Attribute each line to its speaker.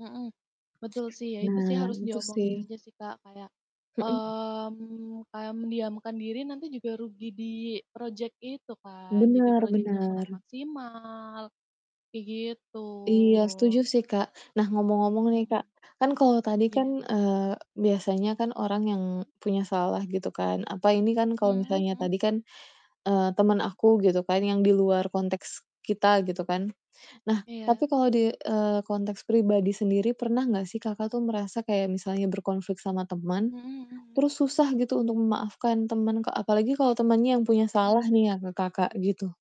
Speaker 1: Mhm, betul sih ya, itu sih
Speaker 2: Nah
Speaker 1: harus
Speaker 2: itu sih.
Speaker 1: diomongin aja sih, Kak, kayak
Speaker 2: Mhm.
Speaker 1: mmm, mendiamkan diri nanti juga rugi di project itu kan, jadi
Speaker 2: Bener
Speaker 1: projectnya kurang
Speaker 2: bener.
Speaker 1: maksimal, kayak gitu.
Speaker 2: Iya setuju sih, Kak. Nah, ngomong-ngomong nih, Kak,
Speaker 1: Mhm.
Speaker 2: kan kalau tadi kan,
Speaker 1: Iya.
Speaker 2: eee, biasanya kan orang yang punya salah gitu kan. Apa ini kan kalau
Speaker 1: Mhm
Speaker 2: misalnya
Speaker 1: mhm.
Speaker 2: tadi kan, eee, temen aku gitu kan yang di luar konteks kita gitu kan. Nah, tapi
Speaker 1: Iya.
Speaker 2: kalau di, eee, konteks pribadi sendiri pernah gak sih, Kakak, tuh merasa kayak misalnya berkonflik sama temen,
Speaker 1: Mhm mhm mhm.
Speaker 2: terus susah gitu untuk memaafkan temen ke apalagi kalau temennya yang punya salah
Speaker 1: Hmm.
Speaker 2: nih ya ke Kakak, gitu?